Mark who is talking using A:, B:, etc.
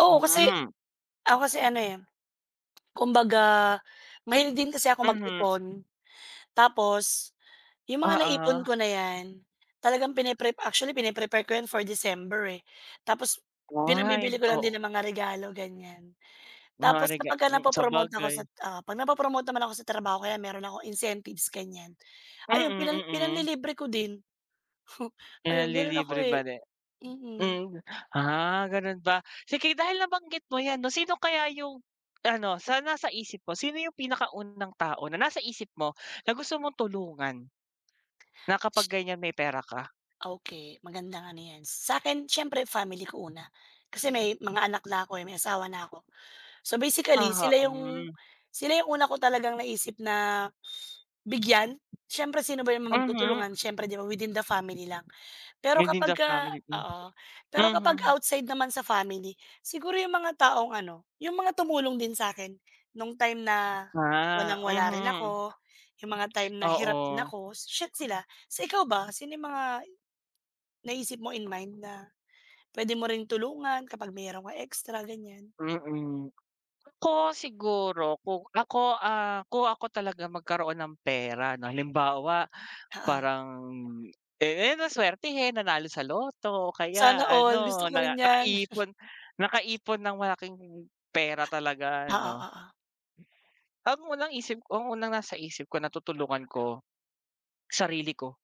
A: Oo kasi
B: Mm.
A: ako kasi ano eh, kumbaga, mahilig din kasi ako
B: Mhm.
A: mag-ipon. Tapos yung mga naipon
B: Oo.
A: ko na yan, talagang pine-prep actually pine-prepare ko yan for December eh. Tapos pinang-bibili
B: Why,
A: ko lang
B: oo.
A: din ng mga regalo ganyan.
B: Mga
A: Tapos
B: rega
A: kapagka
B: hmm
A: na-po-promote ako sa
B: sabagay.
A: oo pag na-po-promote naman ako sa trabaho kaya meron akong incentives ganyan, ayun, pinang
B: Mm, mm.
A: pinang-lilibre ko din. Hmm. Ayun meron ako
B: Pinanlilibre
A: eh.
B: ba din.
A: Mm.
B: Hmm ah, ganun ba? Sige dahil nabanggit mo yan no sino kaya yung ano, sa nasa isip mo, sino yung pinakaunang tao na nasa isip mo, na gusto mong tulungan? Na kapag
A: Sh
B: ganyan may pera ka?
A: Okey. Magandang ano yan, sa'kin siyempre family ko una, kasi may mga anak na ako eh, may asawa na ako. So basically
B: Oho,
A: sila yung
B: mm.
A: sila yung una ko talagang naisip na bigyan. Siyempre sino ba yung
B: Mhm.
A: magtutulungan siyempre di ba within the family lang. Pero
B: Within the
A: kapagka
B: family din?
A: oo, pero kapag
B: Mhm.
A: outside naman sa family, siguro yung mga taong ano, yung mga tumulong din sa'kin, nung time na
B: Ah,
A: walang-wala rin
B: mhm.
A: ako, yung mga time na hirap din
B: Oo.
A: ako, shi sila. Sa ikaw ba sino yung mga, naisip mo in mind na, pwede mo rin tulungan kapag meron kang extra ganyan.
B: Mm. Ako siguro, kung ako, ah, kung ako talaga magkaroon ng pera no halimbawa,
A: Oo.
B: parang, eh na swertehen, nanalo sa lotto, o kaya
A: Sana all,
B: ano,
A: gusto ko
B: na
A: rin yan.
B: nakaipon nakaipon ng malaking pera talaga
A: Oo,
B: ano.
A: oo.
B: Ang unang isip ang unang nasa isip ko natutulungan ko, sarili ko.